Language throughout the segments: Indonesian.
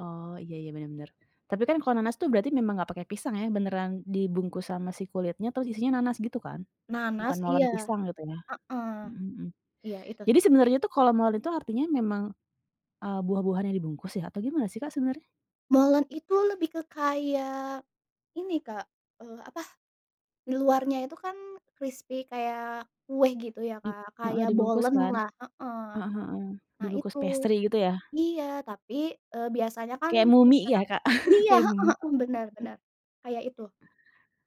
Oh, iya iya, bener bener. Tapi kan kalau nanas tuh berarti memang enggak pakai pisang ya, beneran dibungkus sama si kulitnya terus isinya nanas gitu kan? Bukan Nanas molen iya. pisang gitu ya? Heeh. Mhm mhm. Iya, itu Jadi sih. sebenarnya tuh kalau molen itu artinya memang, eee, buah-buahan yang dibungkus ya atau gimana sih, Kak, sebenarnya? Molen itu lebih ke kayak ini, Kak, eee, apa, di luarnya itu kan krispi kayak kue gitu ya, Di Kak. heeh, Kayak dibungkus kan? bolenlah, heeh, Heeh heeh. nah Dibungkus itu. pastry gitu ya? Iya tapi, eee, biasanya kan Kayak mumi ya, pisang Kak. iya, Kayak heeh mumi, heeh, benar gitu. benar kayak itu.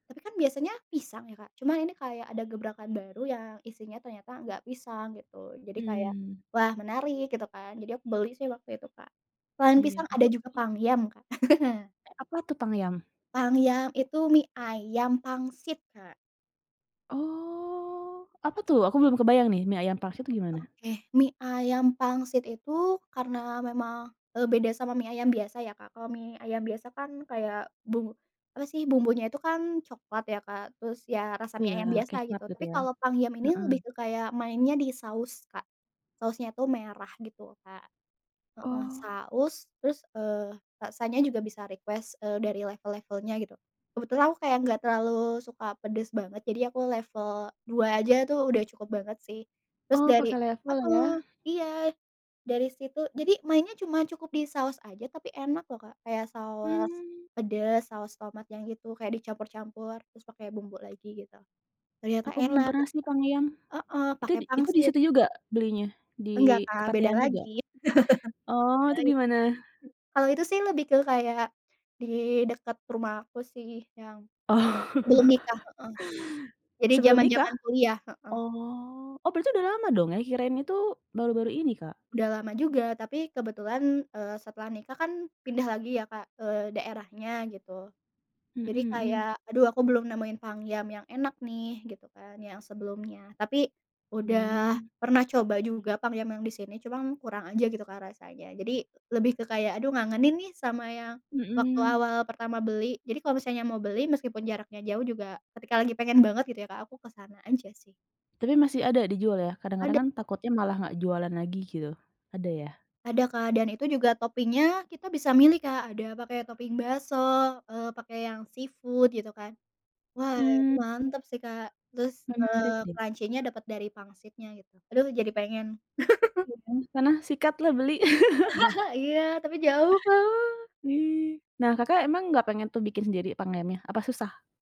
Tapi kan biasanya pisang ya, Kak, cuma ini kayak ada gebrakan baru yang isinya ternyata enggak pisang gitu. Jadi kayak, Mmm. "Wah, menarik," gitu kan. Jadi aku beli sih waktu itu, Kak. Selain Iya. pisang Aku, ada juga e pangyam, Kak. Eh, apa tuh pangyam? Pangyam itu mie ayam pangsit, Kak. Oh, apa tuh? Aku belum kebayang nih mie ayam pangsit itu gimana? Oke. Mie ayam pangsit itu karena memang, eee, beda sama mie ayam biasa ya, Kak. Kalau mie ayam biasa kan kayak bumbu apa sih, bumbunya itu kan coklat ya, Kak. Terus ya rasa mie Iya, ayam biasa [unintelligible] gitu. gitu Tapi ya. kalau pangyam ini lebih Heeh. ke kayak mainnya di saus, Kak. Sausnya itu merah gitu, Kak. Heeh, Oh. saus terus, eee, rasanya juga bisa request, eee, dari level-levelnya gitu. Kebetulan aku kayak enggak terlalu suka pedes banget, jadi aku level 2 aja tuh udah cukup banget sih. Terus Oh, dari pakai level ya. mhm, iya dari situ. Jadi mainnya cuma cukup di saus aja tapi enak loh, Kak. Kayak saus Mmm. pedes, saus tomat yang gitu. Kayak dicampur-campur terus pakai bumbu lagi gitu ternyata Aku belum enak pernah gitu. sih pangyam. Heeh, Itu pakai di itu di pangsit. situ juga belinya? Nggak, Di Kak, beda Kepatihan juga? lagi. Oh, Beda itu lagi di Kak, mana? mmm, Kalau itu sih lebih ke kayak di dekat rumah aku sih yang Oh. belum nikah. Heeh. Jadi Sebelum nikah? zaman-zaman kuliah. Heeh. Oh. Oh, berarti udah lama dong ya? Kirain itu baru-baru ini, Kak. Udah lama juga tapi kebetulan, eee, setelah nikah kan pindah lagi ya, Kak, eee, daerahnya gitu. Mhm Jadi mhm. kayak, "Aduh aku belum nemuin pangyam yang enak nih," gitu kan yang sebelumnya. Tapi udah Hmm. pernah coba juga pangyam yang di sini cuman kurang aja gitu, Kak, rasanya. Jadi lebih ke kayak, "Aduh ngangenin nih sama yang waktu Mhm. awal pertama beli." Jadi kalau misalnya mau beli meskipun jaraknya jauh juga, ketika lagi pengen banget gitu ya, Kak, aku ke sana aja sih. Tapi masih ada dijual ya? Kadang-kadang Ada. kan takutnya malah nggak jualan lagi gitu. Ada ya? Ada, Kak, dan itu juga topping-nya kita bisa milih, Kak. Ada pake topping bakso, eee, pake yang seafood gitu kan. Wah, itu Mmm mmm. mantep sih, Kak. Terus, Menarik eee, nih. crunchy-nya dapet dari pangsitnya gitu. Aduh jadi pengen. Iya. Sana sikatlah beli. Iya, tapi jauh, Kak. I nah, Kakak emang nggak pengen tuh bikin sendiri pangyamnya? Apa susah?